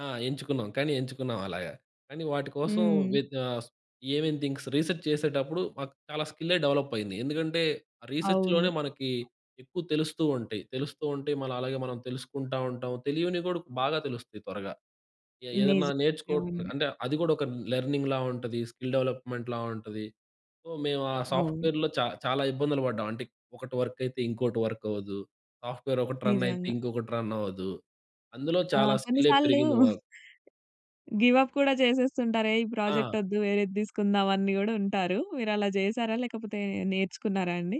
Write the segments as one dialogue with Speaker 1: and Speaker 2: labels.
Speaker 1: ఆ! ఎంచుకున్నాం. కానీ ఎంచుకున్నాం అలాగ. కానీ వాటి కోసం
Speaker 2: హ్మ్.
Speaker 1: వ్యె ఆహ్, ఏమేం థింగ్స్ రీసెర్చ్ చేసేటప్పుడు మాకు చాలా స్కిల్లే డెవలప్ అయింది. ఎందుకంటే రీసెర్చ్‌లోనే
Speaker 2: అవును.
Speaker 1: మనకి ఎక్కువ తెలుస్తూ ఉంటాయి. తెలుస్తూ ఉంటే మళ్ళీ అలాగే మనం తెలుసుకుంటా ఉంటాం. తెలియనివి కూడా బాగా తెలుస్తాయి త్వరగా. ఏ ఏదన్నా నేర్చుకో
Speaker 2: నిజంగా అండి.
Speaker 1: అంటే అది కూడా ఒక లెర్నింగ్‌‌లా ఉంటది. స్కిల్ డెవలప్మెంట్‌లా ఉంటది. సో, మేము ఆ
Speaker 2: అవును.
Speaker 1: సాఫ్ట్‌వేర్‌లో చా చాలా ఇబ్బందులు పడ్డాం. అంటే ఒకటి వర్క్ అయితే ఇంకోటి వర్క్ అవ్వదు. సాఫ్ట్‌వేర్ ఒకటి రన్ అయితే
Speaker 2: నిజంగా.
Speaker 1: ఇంకొకటి రన్ అవ్వదు. అందులో
Speaker 2: ఆ!
Speaker 1: చాలా
Speaker 2: కొన్ని
Speaker 1: స్కిల్లే
Speaker 2: సార్లు
Speaker 1: పెరిగింది మాకు.
Speaker 2: గివ్ అప్ కూడా చేసేస్తుంటారే ఈ
Speaker 1: ఆ!
Speaker 2: ప్రాజెక్ట్ వద్దు. వేరేది తీసుకుందాం అని కూడా ఉంటారు. మీరు అలా చేసారా? లేకపోతే నేర్చుకున్నారా అండి?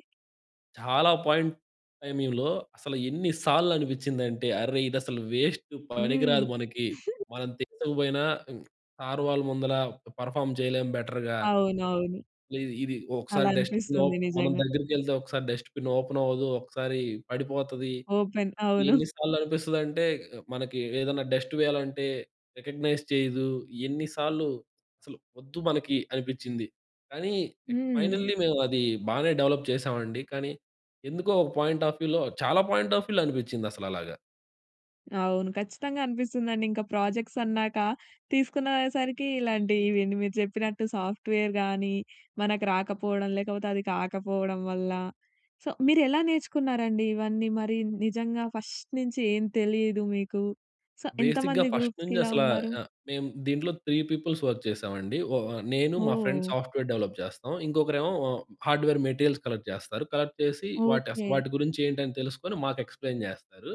Speaker 1: చాలా పాయింట్ టైమింగ్‌లో అసలు ఎన్ని సార్లు అనిపించింది అంటే, అరె! ఇది అసలు వేస్ట్ పనికి
Speaker 2: హ్మ్.
Speaker 1: రాదు మనకి. మనం తీసకపోయినా సార్ వాళ్ళు ముందల పెర్‌ఫార్మ్ చేయలేం బెటర్‌గా.
Speaker 2: అవునవును.
Speaker 1: ఇది, ఇది ఒకసారి
Speaker 2: అలా
Speaker 1: డస్ట్‌బిన్ ఓ
Speaker 2: అనిపిస్తుంది
Speaker 1: మనం
Speaker 2: నిజంగా.
Speaker 1: దగ్గరికెళ్తే ఒకసారి డస్ట్‌బిన్ ఓపెన్ అవ్వదు, ఒకసారి పడిపోతుంది.
Speaker 2: ఓపెన్ అవును.
Speaker 1: ఎన్ని సార్లు అనిపిస్తదంటే మనకి ఏదన్నా డస్ట్ వేయాలంటే రికగ్నైజ్ చేయదు. ఎన్ని సార్లు అసలు వద్దు మనకి అనిపించింది. కానీ
Speaker 2: హ్మ్.
Speaker 1: ఫైనల్లీ మేము అది బానే డెవలప్ చేసామండి. కానీ ఎందుకో ఒక పాయింట్ ఆఫ్ వ్యూలో, చాలా పాయింట్ ఆఫ్ వ్యూలో అనిపించింది అసలు అలాగా.
Speaker 2: అవును. ఖచ్చితంగా అనిపిస్తుందండి. ఇంకా ప్రాజెక్ట్స్ అన్నాక తీసుకున్న సరికి ఇలాంటి ఇవన్నీ మీరు చెప్పినట్టు సాఫ్ట్‌వేర్‌గానీ మనకు రాకపోవడం, లేకపోతే అది కాకపోవడం వల్ల. సో, మీరు ఎలా నేర్చుకున్నారండి ఇవన్నీ? మరి నిజంగా ఫస్ట్ నుంచి ఏం తెలియదు మీకు. సో,
Speaker 1: బేసిక్‌గా
Speaker 2: ఎంతమంది
Speaker 1: ఫస్ట్
Speaker 2: గ్రూప్స్‌కి
Speaker 1: నుంచి
Speaker 2: ఇలా
Speaker 1: అసలా
Speaker 2: ఉన్నారు?
Speaker 1: ఆహ్, మేము దీంట్లో 3 పీపుల్స్ వర్క్ చేశామండి. ఓ నేను మా ఫ్రెండ్స్
Speaker 2: ఓహ్!
Speaker 1: సాఫ్ట్‌వేర్ డెవలప్ చేస్తాం. ఇంకొకరేమో హార్డ్‌వేర్ మెటీరియల్స్ కలెక్ట్ చేస్తారు. కలెక్ట్ చేసి, వాటి అసలు
Speaker 2: ఓకే.
Speaker 1: వాటి గురించి ఏంటి అని తెలుసుకొని మాకు ఎక్స్‌ప్లేన్ చేస్తారు.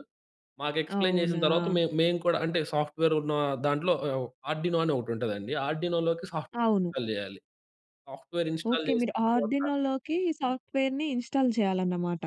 Speaker 1: మాకు ఎక్స్‌ప్లేన్ చేసిన తరువాత
Speaker 2: అవునా?
Speaker 1: మే మేము కూడా అంటే సాఫ్ట్‌వేర్ ఉన్న దాంట్లో ఆహ్, ఆర్డినో అని ఒకటి ఉంటదండి ఆర్డినోలోకి సాఫ్ట్‌వేర్
Speaker 2: అవును.
Speaker 1: ఇన్‌‌స్టాల్ చేయాలి. Software install
Speaker 2: okay.
Speaker 1: చేసిన
Speaker 2: మీరు
Speaker 1: తర్వాత
Speaker 2: ఆర్డినోలోకి ఈ సాఫ్ట్‌వేర్‌ని ఇన్‌స్టాల్ చేయాలన్నమాట.